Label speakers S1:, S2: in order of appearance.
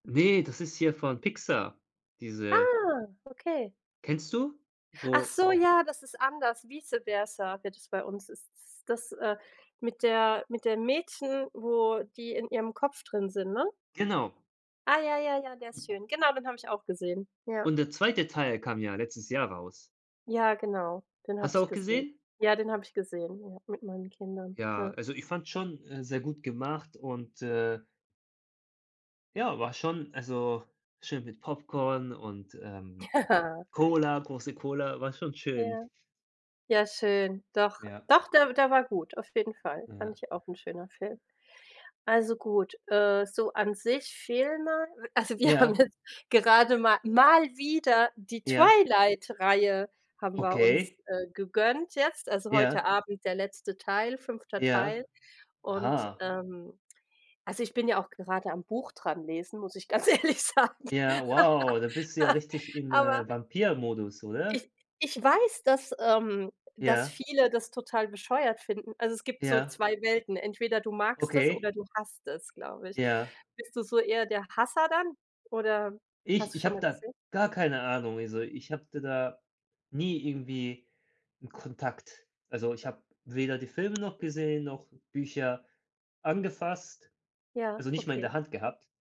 S1: Ne, das ist hier von Pixar diese
S2: Ah, okay.
S1: kennst du?
S2: Ach
S1: Wo
S2: so, ja, das ist anders, Vice-Versa wird das bei uns ist s das, äh mit der mit dem Mädchen, wo die in ihrem Kopf drin sind, ne?
S1: Genau.
S2: Ah ja, ja, ja, der ist schön. Genau, den habe ich auch gesehen. Ja.
S1: Und der 2. Teil kam ja letztes Jahr raus.
S2: Ja, genau, den habe
S1: Hast du
S2: ich
S1: auch
S2: gesehen.
S1: gesehen?
S2: Ja, den habe ich gesehen, ja mit meinen Kindern.
S1: Ja,
S2: Ja.
S1: also, ich fand schon, äh, sehr gut gemacht und, äh ja war schon also, schön mit Popcorn und, ähm,
S2: Ja.
S1: Cola große Cola war schon schön.
S2: Ja. Ja schön, doch,
S1: Ja.
S2: doch, der der war gut, auf jeden Fall, fand
S1: Ja.
S2: ich auch 'n schöner Film. Also, gut, äh, so an sich, Filme also wir haben
S1: Ja.
S2: jetzt gerade ma mal wieder die
S1: Ja.
S2: Twilight Reihe haben wir uns,
S1: Okay.
S2: äh, gegönnt jetzt, also,
S1: Ja.
S2: heute Abend der letzte Teil, 5.
S1: Ja,
S2: Teil. Und,
S1: aha.
S2: ähm also, ich bin ja auch gerade am Buch dran lesen, muss ich ganz ehrlich sagen,
S1: Ja wow, da bist du ja richtig in,
S2: aber
S1: äh, Vampirmodus, oder?
S2: ich ich weiß, dass, ähm das
S1: Ja.
S2: viele das total bescheuert finden. Also, es gibt so
S1: Ja.
S2: 2 Welten, entweder du magst es,
S1: Okay.
S2: oder du hasst es, glaube ich.
S1: Ja.
S2: Bist du so eher der Hasser dann oder
S1: Ich
S2: hast du
S1: ich
S2: schon
S1: habe
S2: mal
S1: da
S2: gesehen?
S1: gar keine Ahnung. Also, ich hatte da nie irgendwie 'n Kontakt. Also, ich habe weder die Filme noch gesehen, noch Bücher angefasst
S2: Ja,
S1: also, nicht mal in
S2: okay.
S1: der Hand gehabt.